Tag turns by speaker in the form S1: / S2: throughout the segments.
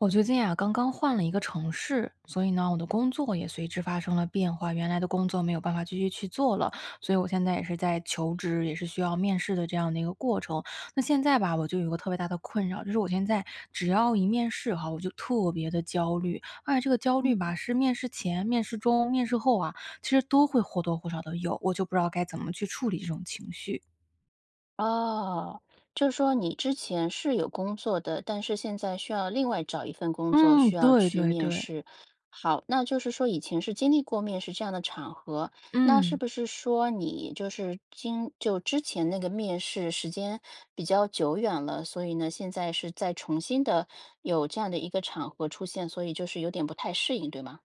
S1: 我最近啊，刚刚换了一个城市，所以呢，我的工作也随之发生了变化。原来的工作没有办法继续去做了，所以我现在也是在求职，也是需要面试的这样的一个过程。那现在吧，我就有一个特别大的困扰。就是我现在只要一面试哈，我就特别地焦虑。而且这个焦虑
S2: 嗯。
S1: 吧是面试前、面试中、面试后啊，其实都会或多或少地有，我就不知道该怎么去处理这种情绪。
S2: 哦，就是说你之前是有工作的，但是现在需要另外找一份工作，
S1: 嗯，
S2: 需要
S1: 对，
S2: 去
S1: 对，
S2: 面
S1: 对。
S2: 试。好，那就是说以前是经历过面试这样的场合，那是
S1: 嗯。
S2: 不是说你就是今就之前那个面试时间比较久远了，所以呢，现在是在重新的有这样的一个场合出现，所以就是有点不太适应，对吗？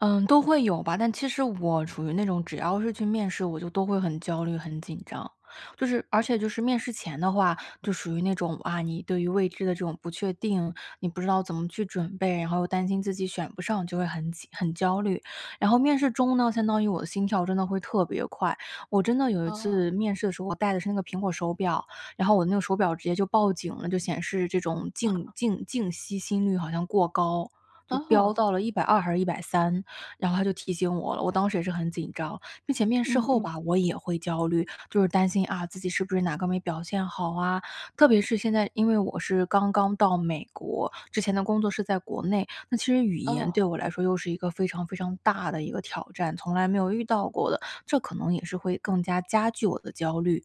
S1: 嗯，都会有吧，但其实我处于那种，只要是去面试，我就都会很焦虑、很紧张。就是而且就是面试前的话，就属于那种，啊，你对于未知的这种不确定，你不知道怎么去准备，然后又担心自己选不上就会很紧很焦虑。然后面试中呢，相当于我的心跳真的会特别快。我真的有一
S2: 哦。
S1: 次面试的时候，我戴的是那个苹果手表，然后我那个手表直接就报警了，就显示这种静
S2: 哦。
S1: 静静息心率好像过高，就飙
S2: 哦。
S1: 到了120还是130，然后它就提醒我了，我当时也是很紧张。并且面试
S2: 嗯
S1: 后
S2: 嗯。
S1: 吧，我也会焦虑，就是担心啊自己是不是哪个没表现好啊。特别是现在因为我是刚刚到美国，之前的工作是在国内，那其实语言对
S2: 哦。
S1: 我来说又是一个非常非常大的一个挑战，从来没有遇到过的，这可能也是会更加加剧我的焦虑。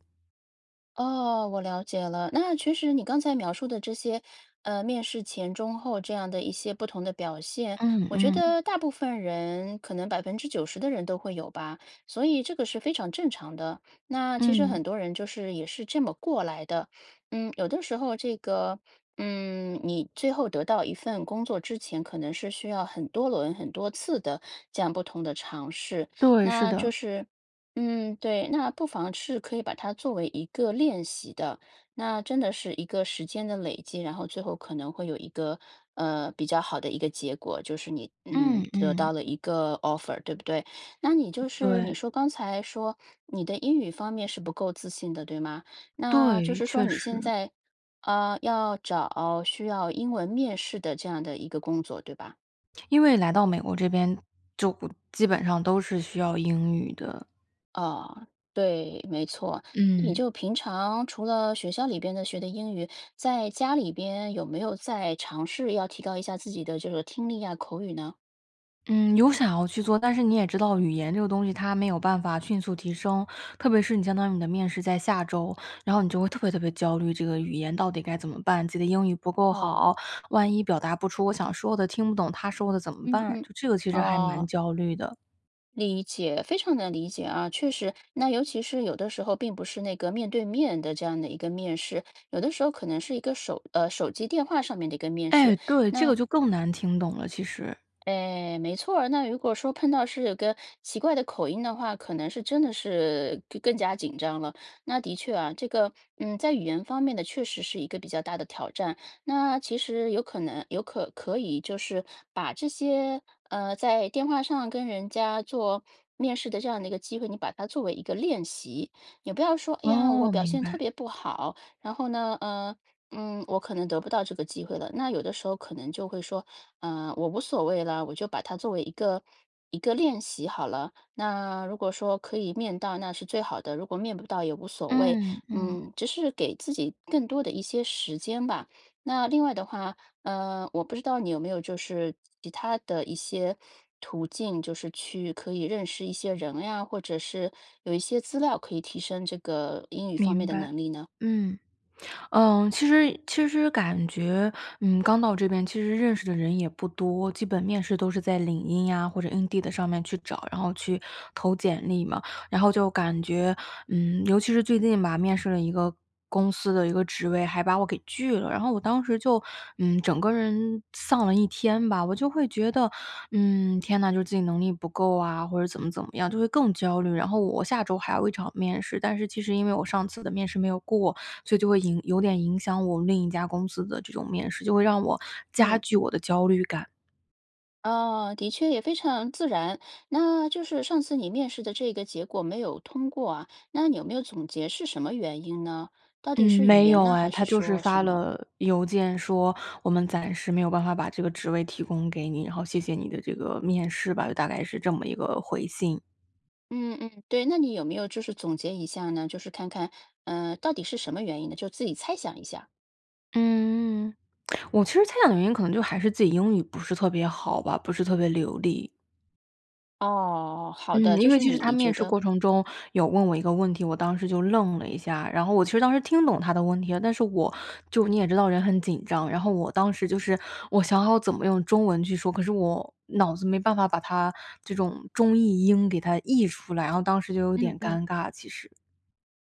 S2: 哦，我了解了，那其实你刚才描述的这些，呃，面试前中后这样的一些不同的表现，
S1: 嗯，
S2: 我觉
S1: 嗯。
S2: 得大部分人可能90%的人都会有吧，所以这个是非常正常的，那其实
S1: 嗯。
S2: 很多人就是也是这么过来的。嗯，有的时候这个嗯，你最后得到一份工作之前，可能是需要很多轮、很多次的这样不同的尝试。
S1: 对，是
S2: 那就
S1: 的。
S2: 是嗯，对，那不妨是可以把它作为一个练习的，那真的是一个时间的累积，然后最后可能会有一个，呃，比较好的一个结果，就是你，嗯，
S1: 嗯，
S2: 得到
S1: 嗯。
S2: 了一个 offer，对不对？那你就是
S1: 对。
S2: 你说刚才说你的英语方面是不够自信的，对吗？那就
S1: 对，
S2: 是说
S1: 确
S2: 你现
S1: 实。
S2: 在呃，要找需要英文面试的这样的一个工作，对吧？
S1: 因为来到美国这边，就不基本上都是需要英语的。
S2: 哦，对，没错，你
S1: 嗯。
S2: 就平常除了学校里边的学的英语，在家里边有没有再尝试要提高一下自己的这个听力呀、口语呢？
S1: 嗯，有想要去做，但是你也知道语言这个东西它没有办法迅速提升，特别是你相当于你的面试在下周，然后你就会特别特别焦虑这个语言到底该怎么办，自己的英语不够好，
S2: 哦。
S1: 万一表达不出我想说的，听不懂他说的怎么
S2: 嗯
S1: 办，
S2: 嗯，
S1: 这个其实还蛮
S2: 哦。
S1: 焦虑的。
S2: 理解，非常能理解啊。确实，那尤其是有的时候并不是那个面对面的这样的一个面试，有的时候可能是一个手呃，手机电话上面的一个面试，
S1: 哎，对，这
S2: 那
S1: 个就更难听懂了，其实。
S2: 哎，没错儿，那如果说碰到是有个奇怪的口音的话，可能是真的是更更加紧张了。那的确啊，这个，嗯，在语言方面呢，确实是一个比较大的挑战。那其实有可能有可可以，就是把这些，呃，在电话上跟人家做面试的这样的一个机会，你把它作为一个练习。也不要说，哎呀，我
S1: 哦，
S2: 表
S1: 明
S2: 现
S1: 白。
S2: 特别不好，然后呢，呃，嗯，我可能得不到这个机会了。那有的时候可能就会说，呃，我无所谓了，我就把它作为一个一个练习好了。那如果说可以面到，那是最好的。如果面不到，也无所谓。
S1: 嗯，嗯。
S2: 嗯，只是给自己更多的一些时间吧。那另外的话，呃，我不知道你有没有就是其他的一些途径，就是去可以认识一些人呀，或者是有一些资料可以提升这个英语方面
S1: 明
S2: 的
S1: 白，
S2: 能力呢？
S1: 嗯。嗯，其实其实感觉，嗯，刚到这边，其实认识的人也不多，基本面试都是在领英啊，或者 Indeed 上面去找，然后去投简历嘛。然后就感觉，嗯，尤其是最近吧，面试了一个公司的一个职位，还把我给拒了，然后我当时就，嗯，整个人丧了一天吧。我就会觉得，嗯，天呐，就是自己能力不够啊，或者怎么怎么样，就会更焦虑。然后我下周还有一场面试，但是其实因为我上次的面试没有过，所以就会影有点影响我另一家公司的这种面试，就会让我加
S2: 嗯。
S1: 剧我的焦虑感。
S2: 哦，的确也非常自然。那就是上次你面试的这个结果没有通过啊，那你有没有总结是什么原因呢？到底
S1: 嗯，
S2: 是语
S1: 没
S2: 言
S1: 有
S2: 呢？还
S1: 哎，
S2: 是
S1: 他就是
S2: 说什
S1: 发
S2: 么？
S1: 了邮件说：“我们暂时没有办法把这个职位提供给你，然后谢谢你的这个面试吧。”就大概是这么一个回信。
S2: 嗯嗯，对，那你有没有就是总结一下呢，就是看看，呃，到底是什么原因呢，就自己猜想一下。
S1: 嗯，我其实猜想的原因可能就还是自己英语不是特别好吧，不是特别流利。
S2: 哦，好的，
S1: 嗯，
S2: 就
S1: 因为
S2: 是
S1: 其实他
S2: 你
S1: 面
S2: 觉
S1: 试
S2: 得
S1: 过程中有问我一个问题，我当时就愣了一下，然后我其实当时听懂他的问题了，但是我就你也知道人很紧张。然后我当时就是我想好怎么用中文去说，可是我脑子没办法把它这种中译英给它译出来，然后当时就有
S2: 嗯
S1: 点
S2: 嗯。
S1: 尴尬，其实。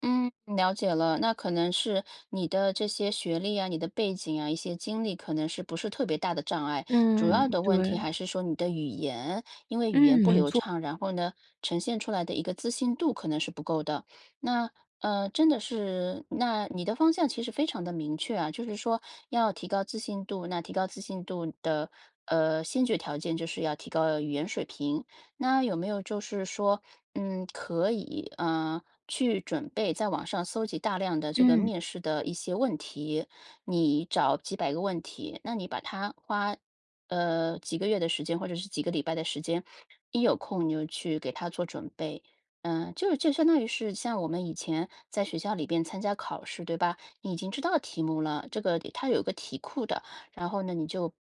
S2: 嗯，了解了。那可能是你的这些学历啊，你的背景啊，一些经历可能是不是特别大的障碍。主
S1: 嗯，
S2: 要的问题
S1: 对。
S2: 还是说你的语言，因为语言
S1: 嗯，
S2: 不
S1: 没
S2: 流
S1: 错。
S2: 畅，然后呢呈现出来的一个自信度可能是不够的。那，呃，真的是那你的方向其实非常地明确啊，就是说要提高自信度，那提高自信度的，呃，先决条件就是要提高语言水平。那有没有就是说，嗯，可以，啊，去准备在网上搜集大量的这个
S1: 嗯。
S2: 面试的一些问题，你找几百个问题，那你把它花，呃，几个月的时间或者是几个礼拜的时间，一有空你就去给它做准备。嗯，就就相当于是像我们以前在学校里边参加考试，对吧？你已经知道题目了，这个里它有一个题库的。然后呢你就，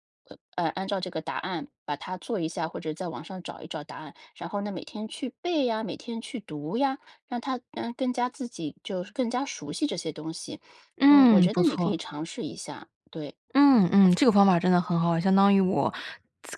S2: 呃，按照这个答案把它做一下，或者在网上找一找答案。然后呢，每天去背呀，每天去读呀，让它更加自己就是更加熟悉这些东西。嗯，我
S1: 嗯，
S2: 觉
S1: 不
S2: 得你可以
S1: 错。
S2: 尝试一下，对。
S1: 嗯，嗯，这个方法真的很好。相当于我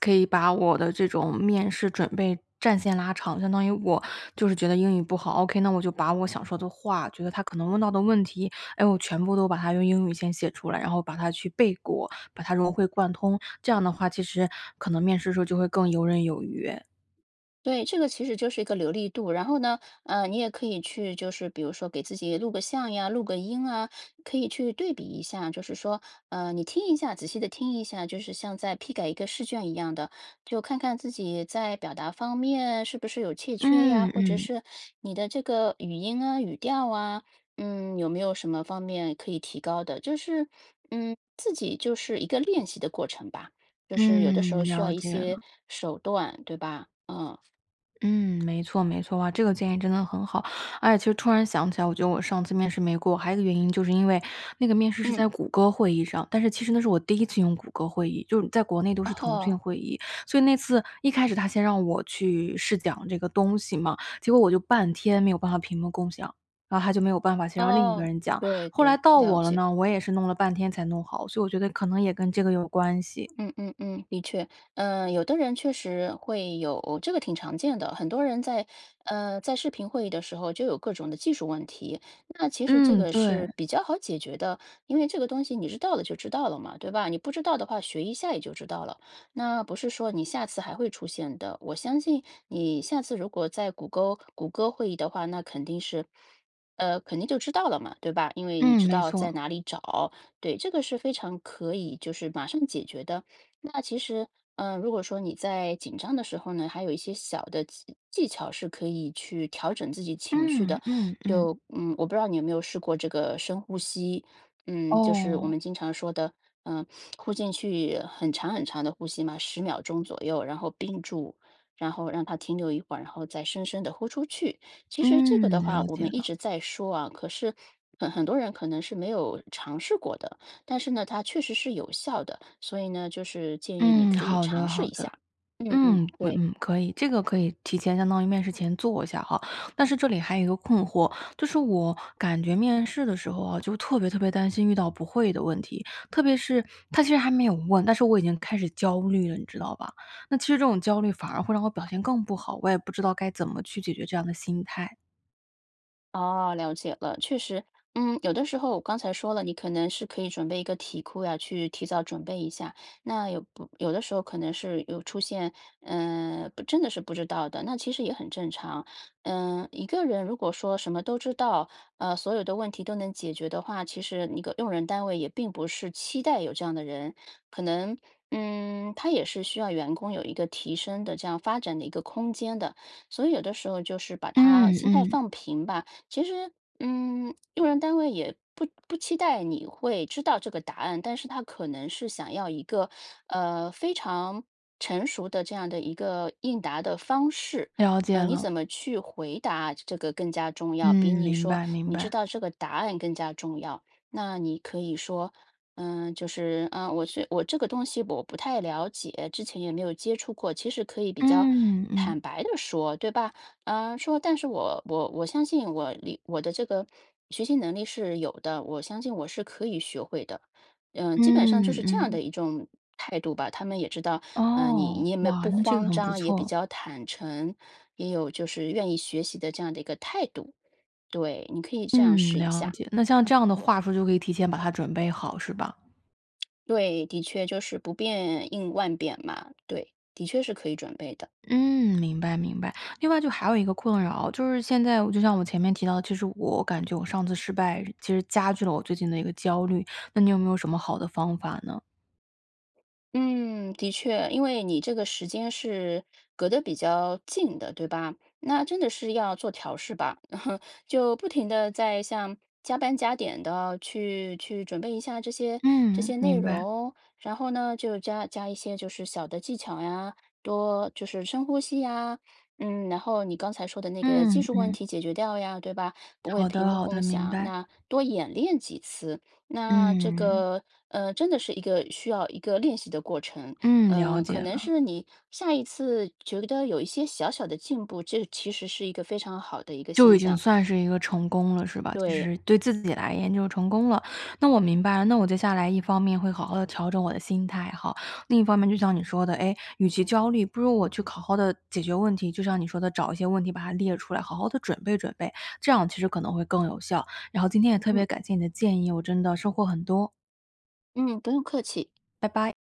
S1: 可以把我的这种面试准备战线拉长，相当于我就是觉得英语不好，ok，那我就把我想说的话，觉得他可能问到的问题，哎，我全部都把它用英语先写出来。然后把它去背过，把它融会贯通，这样的话其实可能面试的时候就会更游刃有余。
S2: 对，这个其实就是一个流利度。然后呢，呃，你也可以去就是比如说给自己录个像呀、录个音啊。可以去对比一下就是说，呃，你听一下仔细地听一下，就是像在批改一个试卷一样的，就看看自己在表达方面是不是有欠缺呀。
S1: 嗯，
S2: 或者
S1: 嗯。
S2: 是你的这个语音啊、语调啊，嗯，有没有什么方面可以提高的。就是嗯，自己就是一个练习的过程吧。就是有的时
S1: 嗯，
S2: 候需要
S1: 了
S2: 一
S1: 解了。
S2: 些手段，对吧？嗯。
S1: 嗯，没错没错啊，这个建议真的很好。而且其实突然想起来，我觉得我上次面试没过，还有一个原因就是因为那个面试是
S2: 嗯。
S1: 在谷歌会议上。但是其实那是我第一次用谷歌会议，就是在国内都
S2: 哦
S1: 是腾
S2: 吼。
S1: 讯会议。所以那次一开始他先让我去试讲这个东西嘛，结果我就半天没有办法屏幕共享，然后他就没有办法，先让另一个
S2: 哦，
S1: 人讲。
S2: 对，
S1: 后来
S2: 对，
S1: 到
S2: 了
S1: 我了
S2: 解。
S1: 呢，我也是弄了半天才弄好，所以我觉得可能也跟这个有关系。
S2: 嗯嗯嗯，的确。呃，有的人确实会有，这个挺常见的。很多人在呃，在视频会议的时候就有各种的技术问题，那其实这
S1: 嗯，
S2: 个
S1: 对。
S2: 是比较好解决的，因为这个东西你知道了就知道了嘛，对吧？你不知道的话学一下也就知道了，那不是说你下次还会出现的。我相信你下次如果在谷歌谷歌会议的话，那肯定是呃，肯定就知道了嘛，对吧？因为你
S1: 嗯，
S2: 知
S1: 没
S2: 道在
S1: 错。
S2: 哪里找。对，这个是非常可以就是马上解决的。那其实，嗯，如果说你在紧张的时候呢，还有一些小的技技巧是可以去调整自己情绪
S1: 嗯，
S2: 的。
S1: 嗯，嗯。
S2: 就嗯，我不知道你有没有试过这个深呼吸，嗯，就是我
S1: 哦。
S2: 们经常说的，呃，呼进去很长很长的呼吸嘛，10秒钟左右，然后屏住，然后让它停留一会儿，然后再深深地呼出去。其实这个的
S1: 嗯，
S2: 话
S1: 了
S2: 我
S1: 解
S2: 们一
S1: 了。
S2: 直在说啊，可是很很多人可能是没有尝试过的。但是呢，它确实是有效的，所以呢就是建议你
S1: 嗯，
S2: 可以
S1: 好
S2: 尝
S1: 的，
S2: 试
S1: 好
S2: 一下。
S1: 的。
S2: 嗯嗯，
S1: 嗯，嗯
S2: 对。
S1: 嗯，可以，这个可以提前相当于面试前做一下哈。但是这里还有一个困惑，就是我感觉面试的时候啊，就特别特别担心遇到不会的问题。特别是他其实还没有问，但是我已经开始焦虑了，你知道吧？那其实这种焦虑反而会让我表现更不好，我也不知道该怎么去解决这样的心态。
S2: 哦，了解了。确实，嗯，有的时候我刚才说了你可能是可以准备一个题库呀，去提早准备一下。那有不有的时候可能是有出现，呃，不真的是不知道的，那其实也很正常。呃，一个人如果说什么都知道，呃，所有的问题都能解决的话，其实你个用人单位也并不是期待有这样的人。可能嗯，它也是需要员工有一个提升的这样发展的一个空间的，所以有的时候就是把它
S1: 嗯，
S2: 心态
S1: 嗯。
S2: 放平吧。其实，嗯，用人单位也不不期待你会知道这个答案，但是它可能是想要一个，呃，非常成熟的这样的一个应答的方式。
S1: 了
S2: 呃，
S1: 解
S2: 你
S1: 了。
S2: 怎么去回答这个更加重要，比
S1: 嗯，
S2: 你
S1: 明
S2: 说
S1: 白，明
S2: 你知
S1: 白。
S2: 道这个答案更加重要。那你可以说：“呃，就是啊，我是我这个东西我不太了解，之前也没有接触过。”其实可以比较
S1: 嗯，嗯。
S2: 坦白地说，对吧？呃，说：”但是我我我相信我理我的这个学习能力是有的，我相信我是可以学会的。”呃，基本上就
S1: 嗯，
S2: 是这样
S1: 嗯。
S2: 的一种态度吧。他们也知道，呃，你
S1: 哦，
S2: 你也没有
S1: 哇，
S2: 不
S1: 那这个
S2: 慌
S1: 很不
S2: 张，也比
S1: 错。
S2: 较坦诚，也有就是愿意学习的这样的一个态度。对，你可以这样
S1: 嗯，
S2: 试一
S1: 了
S2: 下。
S1: 解。那像这样的话术就可以提前把它准备好，是吧？
S2: 对，的确，就是不变应万变嘛。对，的确是可以准备的。
S1: 嗯，明白，明白。另外就还有一个困扰，就是现在就像我前面提到的，其实我感觉我上次失败其实加剧了我最近的一个焦虑，那你有没有什么好的方法呢？
S2: 嗯，的确。因为你这个时间是隔得比较近的，对吧？那真的是要做调试吧，就不停地在像加班加点地去去准备一下这些这
S1: 嗯，
S2: 些内
S1: 明白。
S2: 容。然后呢，就加加一些就是小的技巧呀，多就是深呼吸呀。嗯，然后你刚才说的那个技
S1: 嗯，
S2: 术问
S1: 嗯。
S2: 题解决掉呀，对吧？不会
S1: 好
S2: 屏
S1: 的，
S2: 幕
S1: 好的，
S2: 共
S1: 明
S2: 享，
S1: 白
S2: 那多演练几次，那这
S1: 嗯。
S2: 个，呃，真的是一个需要一个练习的过程。
S1: 嗯，了
S2: 呃，可
S1: 解
S2: 能
S1: 了。
S2: 是你下一次觉得有一些小小的进步，这其实是一个非常好的一个
S1: 就
S2: 现
S1: 已经
S2: 象。
S1: 算是一个成功了，是吧？就
S2: 对。
S1: 是对自己来言就成功了。那我明白了，那我接下来一方面会好好地调整我的心态吼。另一方面就像你说的，诶，与其焦虑，不如我去考好好地解决问题。就像你说的找一些问题把它列出来，好好地准备准备，这样其实可能会更有效。然后今天也特别
S2: 嗯。
S1: 感谢你的建议，我真的收获很多。
S2: 嗯，不用客气。
S1: 拜拜。